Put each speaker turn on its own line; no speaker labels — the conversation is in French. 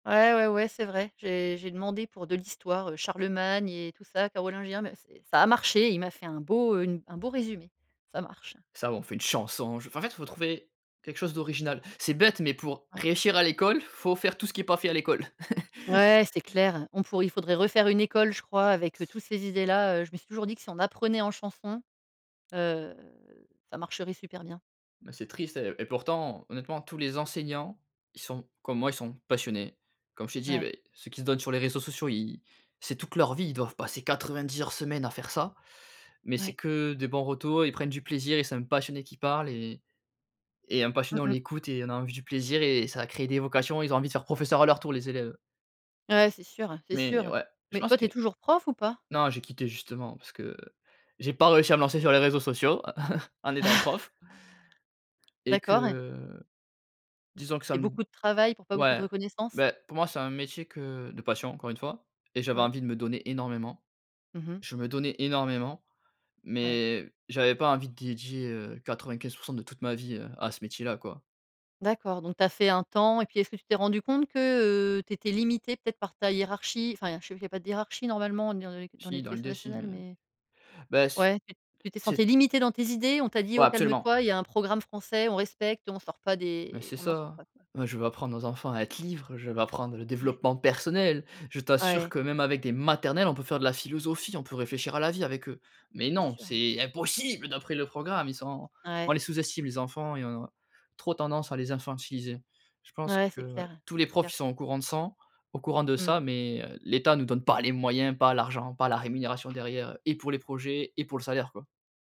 Ouais, ouais, ouais, c'est vrai. J'ai j'ai demandé pour de l'histoire, heu, Charlemagne et tout ça, carolingien, mais c'est ça a marché. Il m'a fait un beau, heu, une un beau résumé. Ça marche.
Ça ou on fait une chanson, j enfin, en fait, faut trouver quelque chose d'original. C'est bête mais pour
Ouais.
réussir à l'école, il faut faire tout ce qui est pas fait à l'école.
Ouais, c'est clair. On pourrait il faudrait refaire une école, je crois, avec, heu, tous ces idées là, heu. Je me suis toujours dit que si on apprenait en chanson, heu, ça marcherait super bien.
Ben, c'est triste et et pourtant, honnêtement, tous les enseignants, ils sont comme moi, ils sont passionnés. Comme je t'ai dit,
Ouais.
beh, ceux qui se donnent sur les réseaux sociaux, ils c'est toute leur vie. Ils doivent passer 90 heures semaine à faire ça mais c'est
Ouais.
que de bons retours, ils prennent du plaisir et c'est un passionné qui parle et et un
Mmh
passionné, on
mh.
l'écoute et on a envie du plaisir et ça va créer des vocations, ils ont envie de faire professeur à leur tour, les élèves
Ouais, c'est sûr, c'est
mais
sûr.
ouais, je
Mais
pense
toi, tu
que
es toujours prof ou pas?
non, j'ai quitté, justement, parce que j'ai pas réussi à me lancer sur les réseaux sociaux en étant prof et
D'accord.
que disons que ça
C'est
m
beaucoup de travail pour pas beaucoup de
ouais,
reconnaissance.
beh, pour moi, c'est un métier que de passion encore 1 fois et j'avais
Ouais.
envie de me donner énormément.
Mmh mh.
Je me donnais énormément,
Ouais.
mais j'avais pas envie de dédier, heu, 95 % de toute ma vie à ce métier là, quoi.
D'accord, donc tu as fait un temps. Et puis, est-ce que tu t'es rendu compte que, heu, tu étais limité peut-être par ta hiérarchie? Enfin je sais qu'il y a pas de hiérarchie normalement dans le dans
Si, dans
l'éducation
l'idée si,
nationale,
mais,
mais,
ben, c
ouais tu tu t'es sentie
c'est
limité dans tes idées, on t'a dit: «Oh,
Ouais,
calme
absolument.
toi, il y a un programme français, on respecte, on sort pas
Mais
des
c'est
on n'en sort
ça,
pas», quoi?
bah, je veux apprendre aux enfants à être libre, je veux apprendre le
Ouais.
développement personnel, je t'assure
Ouais.
que même avec des maternelles, on peut faire de la philosophie, on peut réfléchir à la vie avec eux. Mais
C'est
non,
sûr.
c'est impossible! D'après le programme, ils sont on
Ouais.
les sous-estime, les enfants et on a trop tendance à les infantiliser. Je pense
Ouais,
que,
c'est
ouais,
clair,
tous les
c'est
profs,
clair,
ils
j
sont au courant de sang au courant de ça
Mmh.
mais, heu, l'État nous donne pas les moyens, pas l'argent, pas la rémunération derrière, heu, et pour les projets et pour le salaire, quoi.